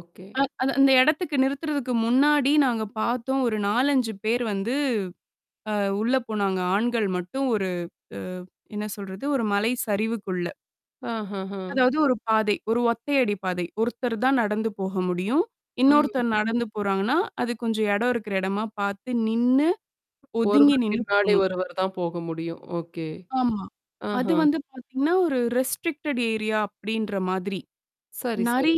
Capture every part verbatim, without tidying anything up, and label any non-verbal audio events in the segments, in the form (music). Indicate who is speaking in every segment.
Speaker 1: Okay.
Speaker 2: அ அது அந்த இடத்துக்கு நிறுத்துறதுக்கு முன்னாடி நாங்க பார்த்தோம் ஒரு நாலஞ்சு பேர் வந்து அ உள்ள போனாங்க. ஆண்கள் மட்டும் ஒரு அ என்ன சொல்றது, ஒரு மலை சரிவுக்குள்ள.
Speaker 1: ஆஹா, ஹ,
Speaker 2: அதாவது ஒரு பாதை. ஒரு ஒத்தை அடி பாதை. ஒருத்தர் தான் நடந்து போக முடியும்.
Speaker 1: ம்.
Speaker 2: இன்னொருத்தர் நடந்து போறாங்கன்னா, அது கொஞ்சம் இடம் இருக்கிற இடமா பார்த்து நின்னு, ஒதுங்கி
Speaker 1: ஒருவர்
Speaker 2: நின்னு
Speaker 1: பின்னாடி
Speaker 2: போணும்.
Speaker 1: ஒருவர் தான் போக முடியும். ஓகே.
Speaker 2: ஆமா. அது
Speaker 1: ஆஹா!
Speaker 2: வந்து பார்த்தீங்கன்னா, ஒரு ரெஸ்ட்ரிக்டட் ஏரியா அப்பிடின்ற மாதிரி.
Speaker 1: சரி, சரி.
Speaker 2: நெறை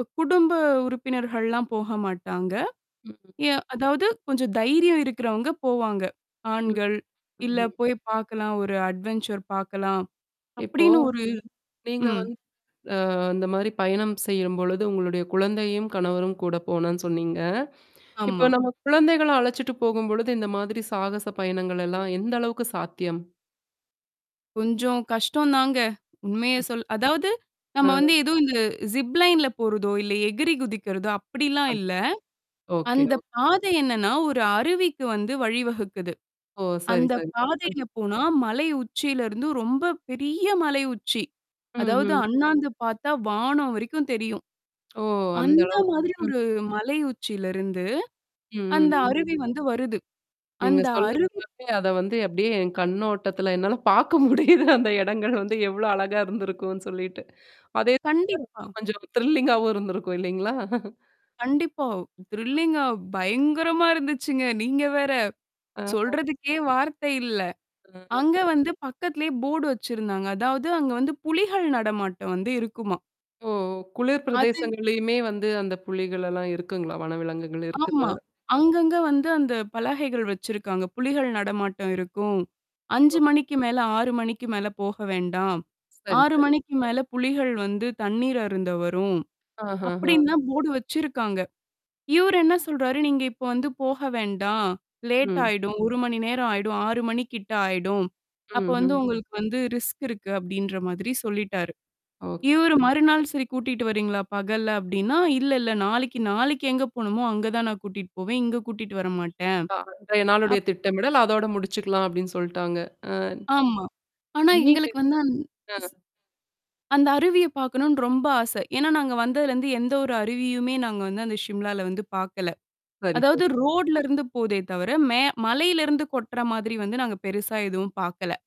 Speaker 2: அ குடும்ப உறுப்பினர்கள்லாம் போக மாட்டாங்க.
Speaker 1: ம்.
Speaker 2: எ அதாவது கொஞ்சம் தைரியம் இருக்கிறவங்க போவாங்க.
Speaker 1: ம்.
Speaker 2: ஆண்கள் இல்ல
Speaker 1: ம்ஹ்ம்.
Speaker 2: போய் பார்க்கலாம். ஒரு அட்வன்சர் பார்க்கலாம்.
Speaker 1: இப்போ.
Speaker 2: அப்பிடின்னு ஒரு
Speaker 1: நீங்க
Speaker 2: ம்.
Speaker 1: வந் அ இந்த மாரி பயணம் செய்யும்பொழுது உங்களுடைய குழந்தையும், கணவரும் கூட போனோன்னு சொன்னீங்க. இப்ப
Speaker 2: ஆமா.
Speaker 1: நம்ம குழந்தைகள அழச்சிட்டு போகும்பொழுது இந்த மாதிரி சாகச பயணங்கள் எல்லாம் எந்த அளவுக்கு சாத்தியம்?
Speaker 2: கொஞ்சம் கஷ்டம் தாங்க. உண்மைய சொல் அதாவது. நம்ம
Speaker 1: அ.
Speaker 2: வந்து ஏதோ இந்த ஜிப்லைன்ல போறதோ, இல்ல எகிரி குதிக்கிறதோ! அப்பிடிலாம்
Speaker 1: ஓகே,
Speaker 2: இல்ல.
Speaker 1: ஓகே
Speaker 2: அந்த பாதை என்னன்னா, ஒரு அருவிக்கு வந்து வழிவகுக்குது.
Speaker 1: ஓ! சரி,
Speaker 2: அந்த
Speaker 1: சரி.
Speaker 2: பாதையில போனா மலை உச்சியில இருந்து ரொம்ப பெரிய மலை உச்சி. அதாவது
Speaker 1: ம்ஹ்ம்.
Speaker 2: அண்ணாந்து பார்த்தா வானம் வரைக்கும் தெரியும்.
Speaker 1: (lip trill) ஓ! அந்த
Speaker 2: அந்த
Speaker 1: அளவுக்கு.
Speaker 2: மாதிரி
Speaker 1: ம்.
Speaker 2: ஒரு மலை உச்சியில இருந்து,
Speaker 1: ம், ம்,
Speaker 2: அந்த
Speaker 1: ம்.
Speaker 2: அருவி வந்து வருது.
Speaker 1: நீங்க
Speaker 2: அந்த
Speaker 1: சொல்ல,
Speaker 2: அருவி
Speaker 1: சொல்லவே அத வந்து அப்பிடியே என் கண்ணோட்டத்துல என்னால பார்க்க முடியுது அந்த இடங்கள் வந்து எவ்ளோ அழகா இருந்திருக்கும்னு சொல்லிட்டு. அதே
Speaker 2: கண்டிப்பா.
Speaker 1: (unintelligible) கொஞ்சம் த்ரில்லிங்காவும் இருந்திருக்கும் இல்லேங்களா!
Speaker 2: கண்டிப்பா. த்ரிலிங்கா (chuckles) பயங்கரமா இருந்துச்சுங்க. நீங்க வேற.
Speaker 1: ஆஹா!
Speaker 2: சொல்றதுக்கே வார்த்தை இல்ல.
Speaker 1: (unintelligible)
Speaker 2: அங்க வந்து பக்கத்திலேயே போர்டு வச்சிருந்தாங்க. அதாவது அங்க வந்து புலிகள் நடமாட்டம் வந்து இருக்குமா.
Speaker 1: ஓ! குளிர்
Speaker 2: அது
Speaker 1: பிரதேசங்கள்லயுமே வந்து அந்த புலிகள் எல்லாம் இருக்குங்களா? வனவிலங்குகள்
Speaker 2: ஆமா.
Speaker 1: இருக்குதா?
Speaker 2: அங்கங்க வந்து அந்த பலகைகள் வச்சிருக்காங்க. புலிகள் நடமாட்டம் இருக்கும்.
Speaker 1: ஓ!
Speaker 2: அஞ்சு மணிக்கு மேல ஆறு மணிக்கு மேல போக வேண்டாம்.
Speaker 1: சரி,
Speaker 2: ஆறு
Speaker 1: சரி.
Speaker 2: மணிக்கு மேல புலிகள் வந்து தண்ணீர் அருந்த வரும்.
Speaker 1: ஆஹாஹா.
Speaker 2: அப்பிடின்லாம் தான் போர்டு வச்சிருக்காங்க. இவரு என்ன சொல்றாரு, "நீங்க இப்ப வந்து போக வேண்டாம். லேட்
Speaker 1: ம்.
Speaker 2: ஆயிடும். ஒரு மணி நேரம் ஆயிடும். ஆறு மணிக்கிட்ட ஆயிடும். அப்ப வந்து
Speaker 1: ம்ஹ்ம்.
Speaker 2: உங்களுக்கு வந்து ரிஸ்க் இருக்கு" அப்பிடின்ற மாதிரி சொல்லிட்டாரு.
Speaker 1: ஓகே.
Speaker 2: இவரு மறுநாள் சரி கூட்டிட்டு வரீங்களா? பகல்ல அப்பிடின்னா, இல்ல இல்ல நாளைக்கி, நாளைக்கி எங்க போணுமோ அங்க தான் நான் கூட்டிட்டு போவேன். இங்க கூட்டிட்டு வரமாட்டேன்.
Speaker 1: அ அன்றைய
Speaker 2: அப்
Speaker 1: நாளுடைய திட்டமிடல் அதோட முடிச்சுக்கலாம் அப்பிடின்னு சொல்ட்டாங்க. அ.
Speaker 2: ஆமா. ஆனா,
Speaker 1: நீீட்டு
Speaker 2: எங்களுக்கு வந்து அந்
Speaker 1: ஆ.
Speaker 2: ஸ். அந்த அருவிய பாார்க்கணுன்னு ரொம்ப ஆசை. ஏன்னா நாங்க வந்ததுலருந்து எந்த ஒரு அருவியுமே நாங்க வந்து அந்த ஷிம்லால வந்து பார்க்கல.
Speaker 1: சரி,
Speaker 2: அதாவது
Speaker 1: சரி.
Speaker 2: ரோட்ல இருந்து போதே தவிர, மே மலையில இருந்து கொட்டுற மாதிரி வந்து நாங்க பெருசா எதுவும் பார்க்கல.